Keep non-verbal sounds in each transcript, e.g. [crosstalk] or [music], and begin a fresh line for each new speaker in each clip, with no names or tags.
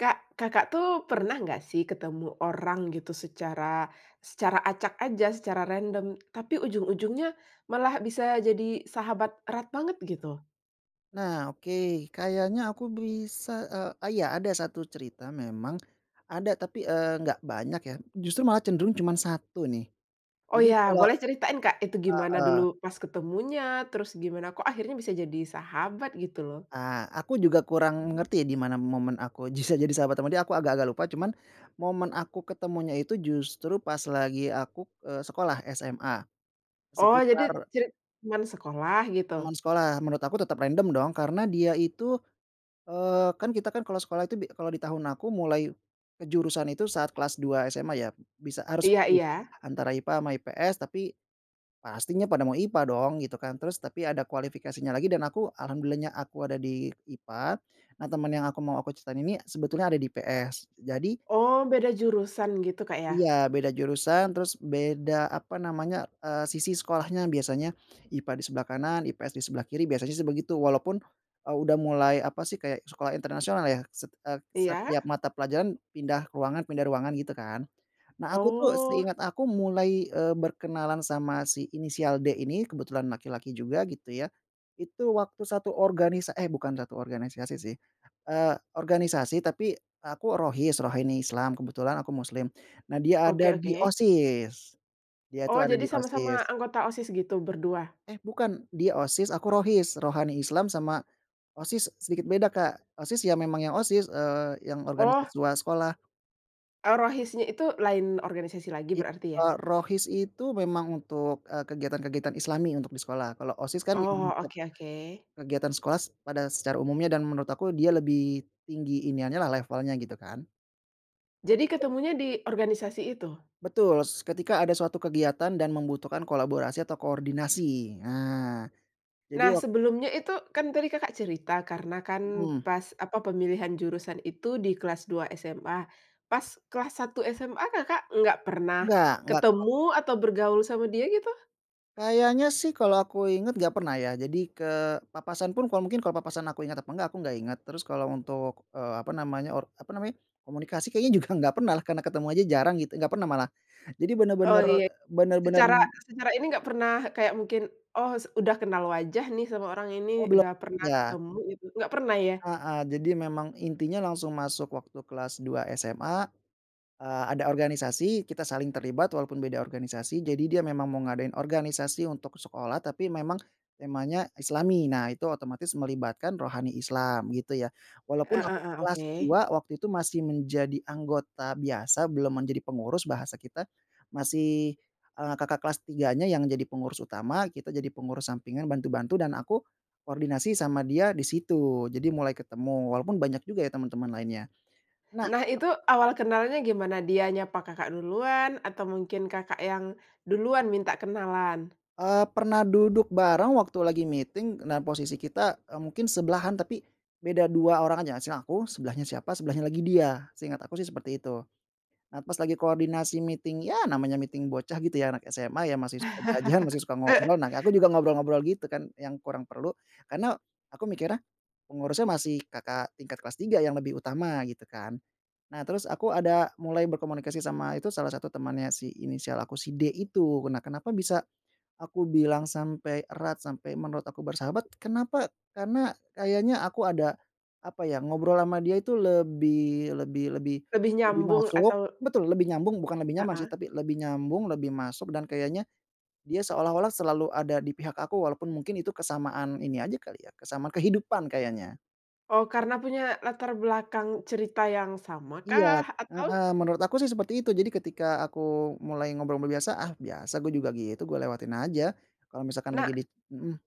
Kak, Kakak, tuh, pernah nggak, sih, ketemu orang, gitu, secara secara acak aja, secara random, tapi ujung-ujungnya malah bisa jadi sahabat erat banget, gitu?
Nah, oke. Kayaknya aku bisa, eee, iya, ada 1 cerita memang, ada tapi, eee, nggak banyak, ya, justru malah cenderung cuman 1, nih.
Oh,
Jadi
ya,
kalau
boleh ceritain, Kak, itu gimana dulu
heeh.
pas ketemunya, terus gimana kok akhirnya bisa jadi sahabat, gitu, loh?
Ah, aku juga kurang ngerti di mana momen aku bisa jadi sahabat ama dia, aku agak-agak lupa, cuman momen aku ketemunya itu justru pas lagi aku, eee, sekolah SMA,
Oh, jadi
sekitar
cerita teman sekolah, gitu?
Teman sekolah. Menurut aku tetap random, dong, karena dia itu, eee, kan, kita, kan, kalau sekolah itu bi kalau di tahun aku mulai kejurusan itu saat kelas 2 SMA, ya, bisa harus
Iya
pilih,
iya.
antara IPA ama IPS, tapi pastinya pada mau IPA, dong, gitu, kan. Terus tapi ada kualifikasinya lagi, dan aku alhamdulillahnya aku ada di IPA, nah, teman yang aku mau aku ceritain ini sebetulnya ada di IPS. Jadi
Oh, beda jurusan, gitu, Kak, ya?
Iya, beda jurusan, terus beda apa namanya, eee, sisi sekolahnya, biasanya IPA di sebelah kanan, IPS di sebelah kiri, biasanya, sih, begitu, walaupun, eee, udah mulai apa, sih, kayak sekolah internasional, ya, set eee,
Iya.
setiap mata pelajaran pindah ruangan pindah ruangan, gitu, kan. Nah, aku, tuh,
Oh.
seingat aku mulai, eee, berkenalan sama si inisial D ini, kebetulan laki-laki juga, gitu, ya, itu waktu 1 organisa eh, bukan 1 organisasi, sih, eee, organisasi, tapi aku Rohis, Rohani Islam, kebetulan aku muslim, nah, dia
Oke
ada di
oke.
OSIS, dia,
Oh,
tuh, ada
jadi
di OSIS.
sama-sama anggota OSIS, gitu, berdua?
Eh, bukan, dia OSIS, aku Rohis, Rohani Islam sama OSIS sedikit beda, Kak. OSIS, ya, memang yang OSIS, eee, yang organisasi
Oh.
siswa sekolah.
Eee, Rohisnya itu lain organisasi lagi
Ya,
berarti, ya?
eee, Rohis itu memang untuk, eee, kegiatan kegiatan islami untuk di sekolah, kalau OSIS, kan, memang
Oh,
untuk
oke oke.
kegiatan sekolah s pada secara umumnya, dan menurut aku dia lebih tinggi iniannya, lah, levelnya, gitu, kan.
Jadi ketemunya di organisasi itu?
Betul. S ketika ada suatu kegiatan dan membutuhkan kolaborasi atau koordinasi. Nah, jadi
Nah,
wak
sebelumnya itu, kan, tadi Kakak cerita karena, kan,
Mhm.
pas apa, pemilihan jurusan itu di kelas 2 SMA, pas kelas 1 SMA, Kakak nggak pernah
Enggak enggak, ko
ketemu, atau bergaul sama dia, gitu?
Kayaknya, sih, kalau aku inget nggak pernah, ya, jadi ke papasan pun kalau mungkin kalau papasan aku inget atau enggak, aku nggak inget, terus kalau untuk, eee, apa namanya or apa namanya, komunikasi kayaknya juga nggak pernah, lah, karena ketemu aja jarang, gitu, enggak pernah malah. Jadi
Oh,
bener-bener
ya.
bener-bener
Secara secara ini nggak pernah kayak mungkin, oh, s udah kenal wajah nih sama orang ini,
Oh, belum,
udah pernah
iya.
ketemu gitu, nggak pernah, ya?
Heeh. Jadi memang intinya langsung masuk waktu kelas 2 SMA, eee, ada organisasi, kita saling terlibat walaupun beda organisasi, jadi dia memang mau ngadain organisasi untuk sekolah tapi memang temanya islami. Nah, itu otomatis melibatkan Rohani Islam, gitu, ya.
E
Walaupun
e
aku
e,
kelas
oke.
2 waktu itu masih menjadi anggota biasa, belum menjadi pengurus bahasa kita, masih, eee, kakak kelas 3-nya yang jadi pengurus utama, kita jadi pengurus sampingan, bantu-bantu, dan aku koordinasi sama dia di situ. Jadi mulai ketemu, walaupun banyak juga, ya, teman-teman lainnya. Nah
Nah, itu awal kenalnya gimana? Dia nyapa Kakak duluan atau mungkin Kakak yang duluan minta kenalan?
Eee, pernah duduk bareng waktu lagi meeting, nah, posisi kita, eee, mungkin sebelahan tapi beda 2 orang aja. Sini aku, sebelahnya siapa, sebelahnya lagi dia, seingat aku, sih, seperti itu. Nah, pas lagi koordinasi meeting, ya, namanya meeting bocah, gitu, ya, anak SMA, ya, masih suka jajan, masih suka ngobrol, nah, aku
[laughs]
juga ngobrol-ngobrol, gitu, kan, yang kurang perlu, karena aku mikirnya pengurusnya masih kakak tingkat kelas 3 yang lebih utama, gitu, kan. Nah, terus, aku ada mulai berkomunikasi sama itu salah satu temannya si inisial aku si D itu. Nah, kenapa bisa aku bilang sampai erat, sampai menurut aku bersahabat, kenapa? Karena kayaknya aku ada apa, ya, ngobrol ama dia itu lebih lebih lebih
Lebih
lebih
nyambung
masuk
atau
betul, lebih nyambung, bukan lebih nyaman, sih,
Heeh.
tapi lebih nyambung, lebih masuk dan kayaknya dia seolah-olah selalu ada di pihak aku walaupun mungkin itu kesamaan ini aja kali, ya, kesamaan kehidupan kayaknya.
Oh, karena punya latar belakang cerita yang
Iya,
samakah, atau?
heeh. Menurut aku, sih, seperti itu. Jadi, ketika aku mulai ngobrol biasa, ah, biasa gue juga gitu, gue lewatin aja kalau misalkan
Nah
lagi di mhm.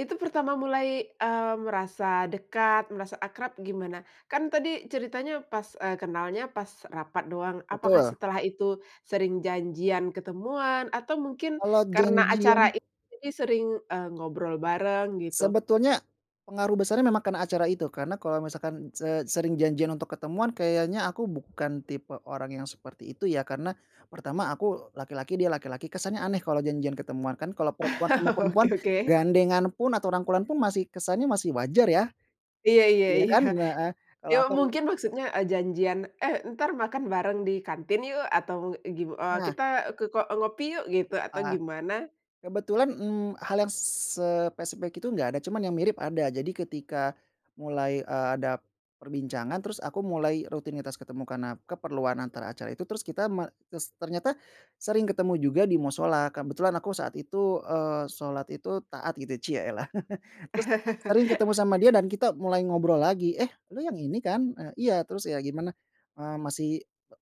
Itu pertama mulai, eee, merasa dekat, merasa akrab, gimana? Kan, tadi ceritanya pas, eee, kenalnya pas rapat doang, apakah
Betul.
setelah itu sering janjian ketemuan, atau mungkin
Kalau
karena
janjian
acara ini jadi sering, eee, ngobrol bareng, gitu?
Sebetulnya pengaruh besarnya memang karena acara itu, karena kalau misalkan se sering janjian untuk ketemuan kayaknya aku bukan tipe orang yang seperti itu, ya, karena pertama, aku laki-laki, dia laki laki, kesannya aneh kalau janjian ketemuan, kan, kalau perempuan sama
[chuckles]
perempuan
Oke oke.
gandengan pun, atau rangkulan pun masih kesannya masih wajar, ya.
Iya iya
Iya,
iya.
kan, heeh. Kalau
Ya,
aku
mungkin maksudnya, eee, janjian, "Eh, entar makan bareng di kantin, yuk?" Atau, gi eee,
Nah.
"Kita ke ko eee, ngopi, yuk?" Gitu, atau
Ah.
gimana?
Kebetulan, mmm, hal yang spesifik itu enggak ada, cuman yang mirip ada, jadi ketika mulai, eee, ada perbincangan terus aku mulai rutinitas ketemu karena keperluan antara acara itu, terus kita me terus ternyata sering ketemu juga di mushola, kebetulan aku saat itu, eee, sholat itu taat, gitu, ya, cielah, [chuckles] terus sering ketemu sama dia
[laughs]
dan kita mulai ngobrol lagi, "Eh, lu yang ini, kan?" "Eee, iya." "Terus, ya, gimana? Eee, masih"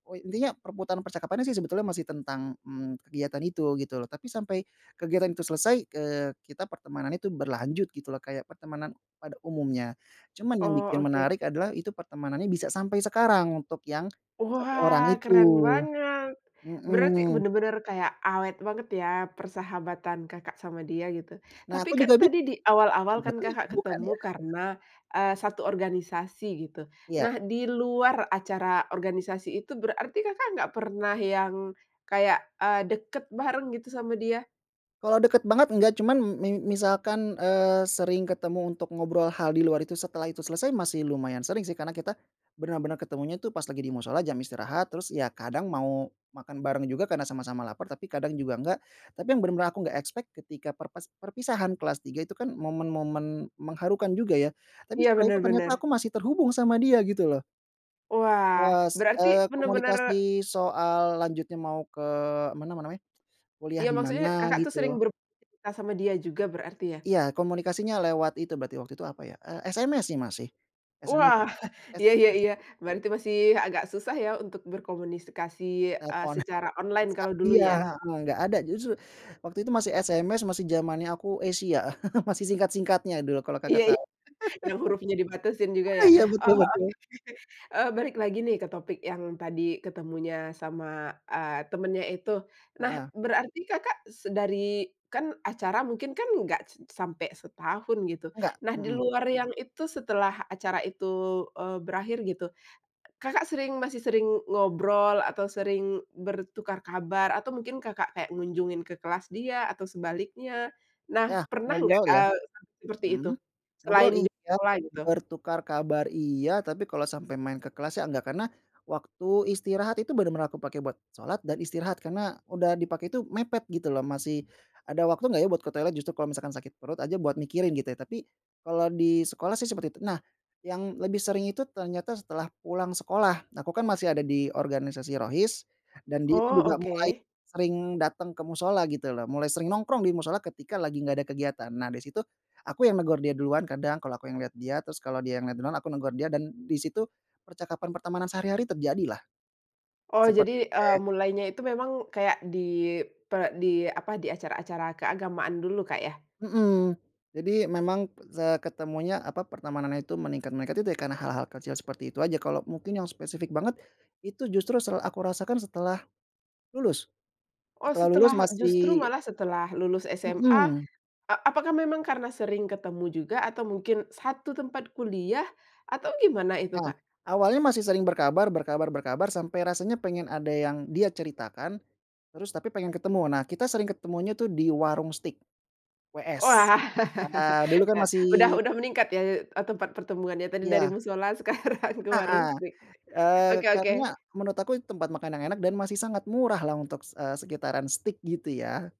o i intinya perputaran percakapannya, sih, sebetulnya masih tentang mmm, kegiatan itu, gitu, loh, tapi sampai kegiatan itu selesai, eee, kita pertemanannya itu berlanjut, gitu, loh, kayak pertemanan pada umumnya. Cuman yang
Oh,
bikin
oke.
menarik adalah, itu pertemanannya bisa sampai sekarang untuk yang 1 orang
Wah,
itu.
keren banget, berarti
Mhm.
bener-bener kayak awet banget, ya, persahabatan Kakak sama dia, gitu.
Nah,
Tapi,
aku
kan,
juga
tadi
bingung,
di awal-awal, kan,
sahabatan atau
Kakak
bukan,
ketemu
ya? [chuckles]
karena, eee, 1 organisasi, gitu.
Iya.
Nah, di luar acara organisasi itu berarti Kakak nggak pernah yang kayak, eee, dekat bareng, gitu, sama dia?
Kalau deket banget enggak, cuman mi misalkan, eee, sering ketemu untuk ngobrol hal di luar itu setelah itu selesai, masih lumayan sering, sih, karena kita bener-bener ketemunya, tuh, pas lagi di mushola, jam istirahat, terus, ya, kadang mau makan bareng juga karena sama-sama laper, tapi kadang juga enggak, tapi yang bener-bener aku nggak expect, ketika perpes perpisahan kelas 3 itu, kan, momen-momen mengharukan juga, ya, tapi
Iya,
setelah itu
bener
ternyata
bener.
aku masih terhubung sama dia, gitu, loh.
Wah,
Pas,
berarti
eee,
bener-bener
komunikasi soal lanjutnya mau ke mana namanya, kuliah
Ya,
di
maksudnya
mana,
Kakak, tuh,
gitu.
sering beraktivitas sama dia juga berarti, ya?
Iya. Komunikasinya lewat itu berarti, waktu itu apa, ya, eee, SMS, sih, masih. SMS
Wah. [chuckles] Iya iya iya.
SMS.
Berarti masih agak susah, ya, untuk berkomunikasi, eee,
Telepon,
secara online
WhatsApp
kalau dulu,
iya,
ya?
heeh, nggak ada, justru waktu itu masih SMS, masih jamannya aku Esia, [chuckles] masih singkat-singkatnya dulu kalau Kakak
Iya iya,
tau.
yang hurufnya dibatasin juga,
[laughs] Ah,
ya?
iya, betul
Oh, oke
betul.
oke. Eee, balik lagi, nih, ke topik yang tadi ketemunya sama, eee, temannya itu. Nah,
Heeh.
berarti Kakak se dari kan, acara mungkin, kan, nggak s sampai setahun, gitu.
Enggak,
Nah, di
mhm.
luar yang itu, setelah acara itu, eee, berakhir gitu, Kakak sering masih sering ngobrol, atau sering bertukar kabar, atau mungkin Kakak kayak ngunjungin ke kelas dia, atau sebaliknya? Nah,
Ya,
pernah nggak,
ngobrol, ya.
eee, sampai seperti itu
Mhm. Ngobrol,
selain di
iya,
sekolah, gitu?
bertukar kabar, iya, tapi kalau sampai main ke kelas, sih, enggak, karena waktu istirahat itu bener-bener aku pake buat sholat dan istirahat, karena udah dipakai itu mepet, gitu, loh, masih ada waktu nggak, ya, buat ke toilet, justru kalau misalkan sakit perut aja buat mikirin, gitu, ya. Tapi kalau di sekolah, sih, seperti itu. Nah, yang lebih sering itu ternyata setelah pulang sekolah, nah, aku, kan, masih ada di organisasi Rohis, dan dia, tuh,
Oh,
juga mulai
oke.
sering dateng ke mushola, gitu, loh, mulai sering nongkrong di mushola ketika lagi nggak ada kegiatan. Nah, dari situ, aku yang negur dia duluan kadang kalau aku yang lihat dia, terus kalau dia yang liat duluan, aku negur dia, dan di situ percakapan pertemanan sehari-hari terjadi, lah.
Oh, jadi,
Seperti
eee,
kayak
mulainya itu memang kayak di per di apa, di acara-acara keagamaan dulu, Kak, ya?
Mhm. Jadi memang, seketemunya, apa, pertemanannya itu, meningkat meningkat itu, ya, karena hal-hal kecil seperti itu aja, kalau mungkin yang spesifik banget, itu justru se aku rasakan setelah lulus,
Oh,
setelah lulus
setelah justru
masih
malah setelah lulus SMA,
Mhm.
eee, apakah memang karena sering ketemu juga, atau mungkin 1 tempat kuliah, atau gimana itu,
Nah,
Kak?
awalnya masih sering berkabar berkabar berkabar, sampai rasanya pengen ada yang dia ceritakan, terus tapi pengen ketemu. Nah, kita sering ketemunya, tuh, di Waroeng Steak, WS,
Wah.
eee, dulu, kan,
[laughs] Udah
masih
udah meningkat, ya, eee, tempat pertemuannya, tadi dari
Iya.
mushola, sekarang ke Waroeng
Heeh.
Steak.
Eee,
Oke oke.
karena menurut aku itu tempat makan yang enak dan masih sangat murah, lah, untuk, se eee, sekitaran steak, gitu, ya.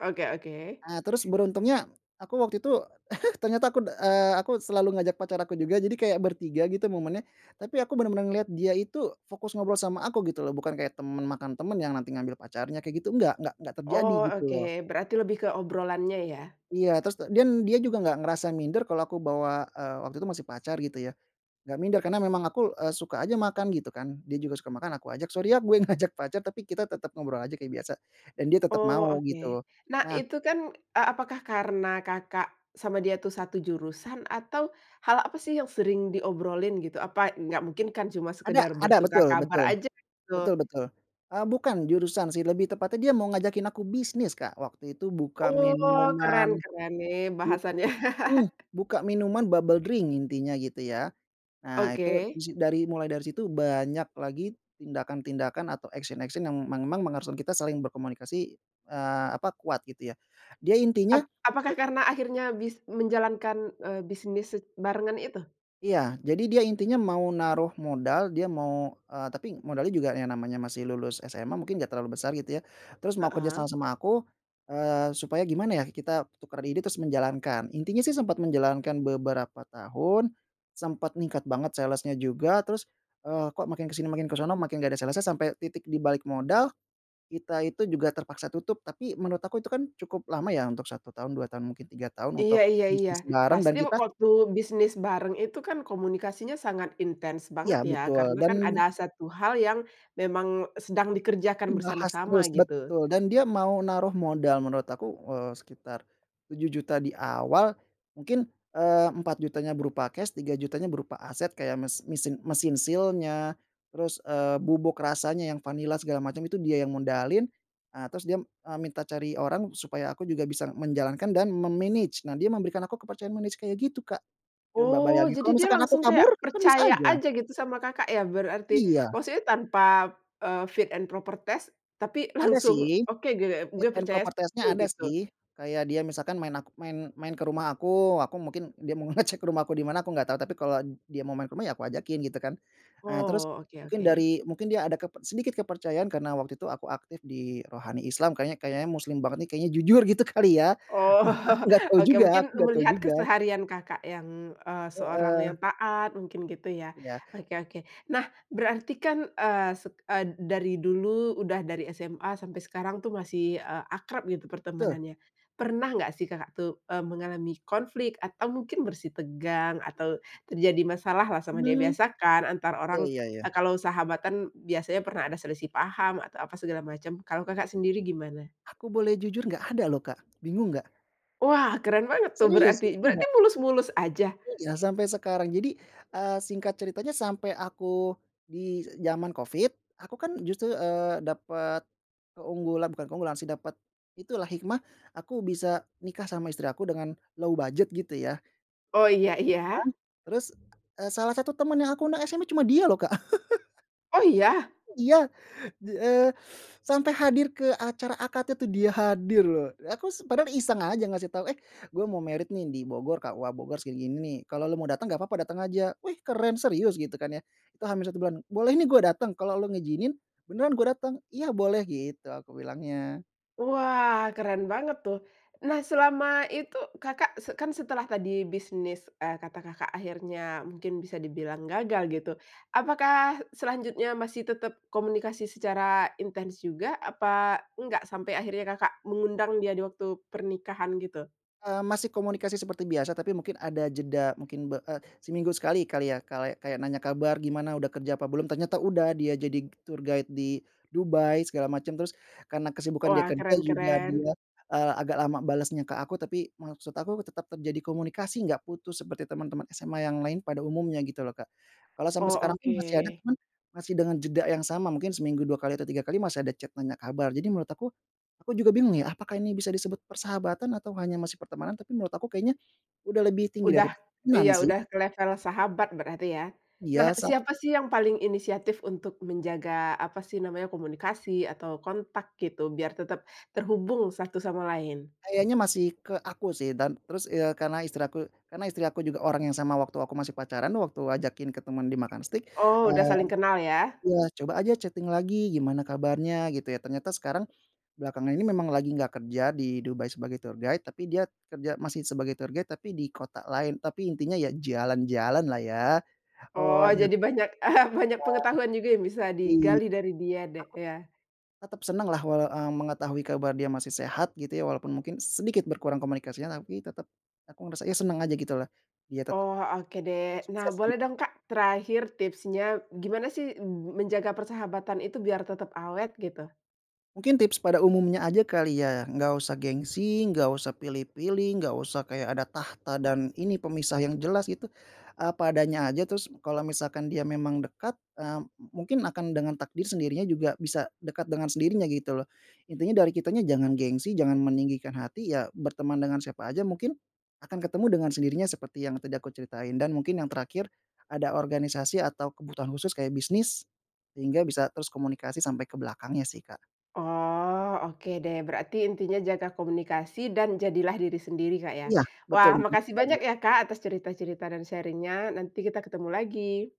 Oke oke.
Nah, terus beruntungnya, aku waktu itu [chuckles] ternyata aku, eee, aku selalu ngajak pacar aku juga, jadi kayak bertiga, gitu, momennya, tapi aku benar-benar ngelihat dia itu fokus ngobrol sama aku, gitu, loh, bukan kayak teman makan teman yang nanti ngambil pacarnya, kayak gitu, enggak enggak engga terjadi,
Oh,
gitu,
oke,
loh.
berarti lebih ke obrolannya, ya.
Iya, terus ta dan dia juga nggak ngerasa minder kalau aku bawa, eee, waktu itu masih pacar, gitu, ya, nggak minder, karena memang aku, eee, suka aja makan, gitu, kan. Dia juga suka makan, aku ajak, "Sori, ya, gue ngajak pacar. Tapi kita tetap ngobrol aja kayak biasa," dan dia tetap
Oh,
mau,
oke.
gitu.
Nah,
Nah
itu, kan e apakah karena Kakak sama dia tuh, 1 jurusan, atau hal apa, sih, yang sering diobrolin, gitu? Apa nggak mungkin, kan, cuma
Ada
sekedar
ada,
bertukar
betul
kabar
betul,
aja, gitu.
betul betul. Eee, bukan jurusan, sih, lebih tepatnya dia mau ngajakin aku bisnis, Kak, waktu itu buka
Oh, keren
minuman,
keren, nih,
buk
bahasannya.
heeh,
[chuckles]
buka minuman bubble drink, intinya gitu, ya. Nah, itu
Oke.
di si dari mulai dari situ banyak lagi tindakan-tindakan atau action-action yang memang mengharuskan kita saling berkomunikasi, eee, apa, kuat, gitu, ya. Dia
Ap
intinya,
apakah
eee
karena akhirnya bis menjalankan, eee, bisnis se barengan itu?
Iya. Jadi dia intinya mau naruh modal, dia mau, eee, tapi modalnya juga yang namanya masih lulus SMA mungkin nggak terlalu besar, gitu, ya, terus mau kerja sama
Heeh.
sama aku, eee, supaya gimana, ya, kita tukeran ide terus menjalankan. Intinya, sih, sempat menjalankan beberapa tahun, sempat ningkat banget sales-nya juga, terus, eee, kok, makin ke sini makin ke sono, makin nggak ada sales-nya, sampai titik di balik modal, kita itu juga terpaksa tutup, tapi menurut aku itu, kan, cukup lama, ya, untuk 1 tahun, 2 tahun, mungkin 3 tahun,
Iya
untuk
iya iya.
bisnis bareng, dan
Pasti
kita
waktu bisnis bareng itu, kan, komunikasinya sangat intens
Iya,
banget, ya,
betul,
karena,
dan
kan, ada 1 hal yang memang sedang dikerjakan
Dibahas
bersama-sama,
terus,
gitu.
betul, dan dia mau naruh modal menurut aku, eee, sekitar Rp7.000.000 di awal, mungkin, eee, Rp4.000.000-nya berupa cash, Rp3.000.000-nya berupa aset, kayak mes misin mesin seal-nya, terus, eee, bubuk rasanya yang vanila, segala macam, itu dia yang modalin. Ah, terus dia, eee, minta cari orang supaya aku juga bisa menjalankan dan me-manage, nah, dia memberikan aku kepercayaan manage kayak gitu, Kak, coba
Oh,
bayangin,
jadi,
kalau
dia
misalkan
langsung
aku
kayak
kabur? Kan, bisa
percaya
aja.
aja gitu sama Kakak, ya, berarti,
Iya.
maksudnya tanpa, eee, fit and proper test tapi
Ada,
langsung,
sih.
oke, gitu ya,
Fit
"Gue
and
percaya
proper
sama lu."
test-nya, ada,
Gitu.
sih. Kayak dia misalkan, maen aku maen maen ke rumah aku, aku mungkin dia mau ngecek rumah aku di mana, aku nggak tau, tapi kalau dia mau maen ke rumah, ya, aku ajakin, gitu, kan. Ah, terus
Oh, oke
mungkin
oke.
dari mungkin dia ada keper sedikit kepercayaan karena waktu itu aku aktif di Rohani Islam, kayaknya kayaknya muslim banget, nih, kayaknya jujur, gitu, kali, ya.
Oh.
Aku nggak tau
Oke,
juga aku
mungkin
nggak tau
melihat
juga.
keseharian Kakak yang, eee, seorang
Heeh.
yang taat mungkin, gitu, ya.
Iya.
Oke oke. Nah, berarti, kan, eee, set eee, dari dulu, udah dari SMA sampai sekarang, tuh, masih, eee, akrab, gitu,
Betul.
pertemanannya. Pernah nggak, sih, Kakak tuh, eee, mengalami konflik atau mungkin bersitegang, atau terjadi masalah lah sama dia?
Hmm.
Biasa, kan, antara
Ya
orang,
ya
eee,
ya.
kalau sahabatan biasanya pernah ada selisih paham, atau apa segala macam, kalau Kakak sendiri gimana?
Aku boleh jujur, nggak ada, loh, Kak. Bingung nggak?
Wah, keren banget, tuh,
Serius,
berarti. Berarti
enggak.
mulus-mulus aja?
Iya, sampai sekarang. Jadi, eee, singkat ceritanya sampai aku, di jaman covid, aku, kan, justru, eee, dapat keunggulan, bukan keunggulan, sih, dapat itu, lah, hikmah, aku bisa nikah sama istri aku dengan low budget gitu, ya.
Oh, iya
Nah,
iya.
terus, eee, salah satu teman yang aku undang SMA cuma dia, loh, Kak. [chuckles]
Oh, ya?
Iya, eee, sampai hadir ke acara akad itu dia hadir, loh. Aku s padahal iseng aja ngasih tau, "Eh, gua mau married, nih, di Bogor, KUA Bogor, segini-gini, nih, kalau lu mau datang, enggak papa datang aja." "Wih, keren, serius?" Gitu, kan, ya, itu H-1 bulan, "Boleh, nih, gue datang? Kalau lu ngizinin, beneran gue datang." "Iya, boleh." Gitu aku bilangnya.
Wah, keren banget, tuh. Nah, selama itu Kakak se kan, setelah tadi bisnis, eee, kata Kakak akhirnya mungkin bisa dibilang gagal, gitu, apakah selanjutnya masih tetap komunikasi secara intens juga? Apa enggak? Sampai akhirnya Kakak mengundang dia diwaktu pernikahan, gitu.
Eee, masih komunikasi seperti biasa, tapi mungkin ada jeda, mungkin, be eee, seminggu sekali, kali, ya, kala kayak nanya kabar, "Gimana, udah kerja apa belum?" Ternyata udah, dia jadi tour guide di Dubai, segala macam, terus karena kesibukan dia
Wah,
kerja
keren
juga
keren.
dia, eee, agak lama balasnya ke aku, tapi maksud aku tetap terjadi komunikasi, nggak putus seperti teman-teman SMA yang lain pada umumnya, gitu, loh, Kak. Kalau sampai
Oh,
sekarang pun masih ada,
oke.
cuman, masih dengan jeda yang sama, mungkin seminggu 2 kali atau 3 kali, masih ada chat nanya kabar. Jadi menurut aku, aku juga bingung, ya, apakah ini bisa disebut persahabatan atau hanya masih pertemanan? Tapi menurut aku kayaknya udah lebih tinggi dari
Udah,
pertemanan,
iya,
sih.
udah ke level sahabat berarti, ya. Nah,
Biasa.
siapa, sih, yang paling inisiatif untuk menjaga, apa, sih, namanya, komunikasi atau kontak gitu biar tetap terhubung satu sama lain?
Kayaknya masih ke aku, sih, dan terus, eee, karena istri aku karena istri aku juga orang yang sama waktu aku masih pacaran, waktu ajakin ketemuan di makan steak,
Oh, udah
eee,
saling kenal, ya.
iya, "Coba aja chatting lagi, gimana kabarnya." Gitu, ya. Ternyata sekarang belakangan ini memang lagi nggak kerja di Dubai sebagai tour guide, tapi dia kerja masih sebagai tour guide tapi di kota lain, tapi intinya, ya, jalan-jalan, lah, ya..
Oh,
[unintelligible]
jadi banyak [chuckles] banyak pengetahuan juga yang bisa
Iy
digali dari dia de
aku
ya.
tetap senang, lah, walau eee, mengetahui kabar dia masih sehat, gitu, ya, walaupun mungkin sedikit berkurang komunikasinya, tapi tetep aku ngerasa, ya, senang aja, gitu, lah. Dia tetap,
Oh, oke deh. Nah,
sukses,
boleh
gitu.
dong, Kak, terakhir tipsnya, gimana, sih, m menjaga persahabatan itu biar tetap awet, gitu?
Mungkin tips pada umumnya aja kali, ya, nggak usah gengsi, nggak usah pilih-pilih, nggak usah kayak ada tahta dan ini, pemisah yang jelas, gitu, apa adanya aja, terus kalau misalkan dia memang dekat, eee, mu mungkin akan dengan takdir sendirinya juga bisa dekat dengan sendirinya, gitu, loh. Intinya dari kitanya jangan gengsi, jangan meninggikan hati, ya, berteman dengan siapa aja, mungkin akan ketemu dengan sendirinya, seperti yang tadi aku ceritain, dan mungkin yang terakhir, ada organisasi atau kebutuhan khusus kayak bisnis, sehingga bisa terus komunikasi sampai ke belakangnya, sih, Kak.
Oh, oke deh. Berarti intinya jaga komunikasi dan jadilah diri sendiri, Kak, ya?
Iya, betul,
Wah,
intinya
makasih
itu
banyak,
aja.
ya, Kak, atas cerita-cerita dan sharing-nya, nanti kita ketemu lagi.